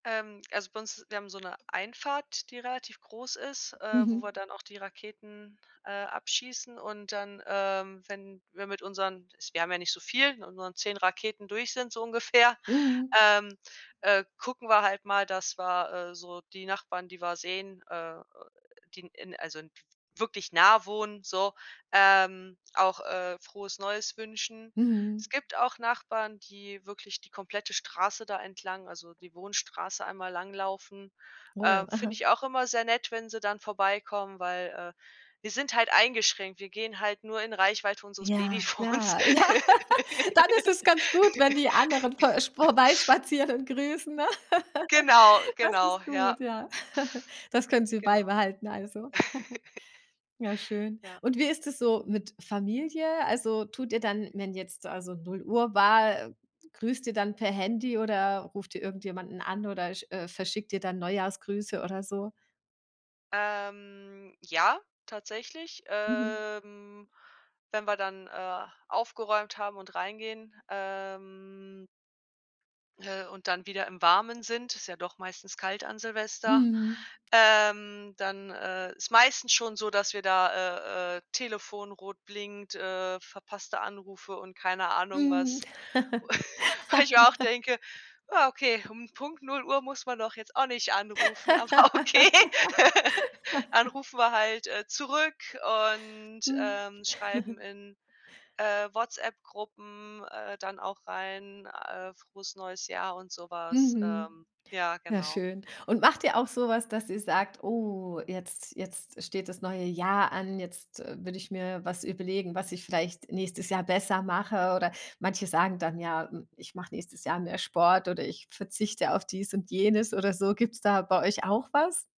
Ähm, also bei uns wir haben so 'ne Einfahrt, die relativ groß ist, ähm, wo wir Mhm. dann auch die Raketen, äh, abschießen. Und dann, ähm, wenn wir mit unseren- wir haben ja nicht so viel- mit unseren 10 Raketen durch sind so ungefähr, Mhm. ähm, äh, gucken wir halt mal, dass wir, äh, so die Nachbarn, die wir sehen, äh, die in, äh, also n wirklich nah wohnen, so, ähm, auch, äh, „Frohes Neues“ wünschen. Mhm. Es gibt auch Nachbarn, die wirklich die komplette Straße da entlang also die Wohnstraße einmal langlaufen. Oh, Ähm, finde aha. ich auch immer sehr nett, wenn sie dann vorbeikommen, weil, äh, wir sind halt eingeschränkt. Wir gehen halt nur in Reichweite unseres Ja, Babyfons. klar. Ja. Dann ist es ganz gut, wenn die anderen vor äh, spor vorbeispazieren und grüßen, ne? Genau. Das Genau. ist Ja. gut, ja. Das können sie Genau. beibehalten, also. Ja, schön. Ja. Und wie ist es so mit Familie? Also, tut ihr dann, wenn jetzt also 0:00 Uhr war grüßt ihr dann per Handy oder ruft ihr irgendjemanden an oder sch äh, verschickt ihr dann Neujahrsgrüße oder so? Ähm, ja, tatsächlich, Mhm. ähm, wenn wir dann, äh, aufgeräumt haben und reingehen, ähm äh, und dann wieder im Warmen sind- ist ja doch meistens kalt an Silvester- Mhm. ähm, dann, äh, ist meistens schon so, dass wir da äh, äh, Telefon rot blinkt, äh, verpasste Anrufe und keine Ahnung Mhm. was. Wo ich mir auch denke: „Ja okay, um Punkt 0:00 muss man doch jetzt auch nicht anrufen," aber okay. Dann rufen wir halt, äh, zurück und, Mhm. ähm, schreiben in, äh, WhatsApp-Gruppen, äh, dann auch rein, äh: „Frohes neues Jahr" und so was. Mhm. Ähm, ja, Ja, genau. schön. Und macht ihr auch so was, dass ihr sagt: „Oh, jetzt jetzt steht das neue Jahr an, jetzt, äh, würde ich mir was überlegen, was ich vielleicht nächstes Jahr besser mache?" Oder manche sagen dann ja: „Ich mach nächstes Jahr mehr Sport" oder: „Ich verzichte auf dies und jenes" oder so. Gibt's da bei euch auch was?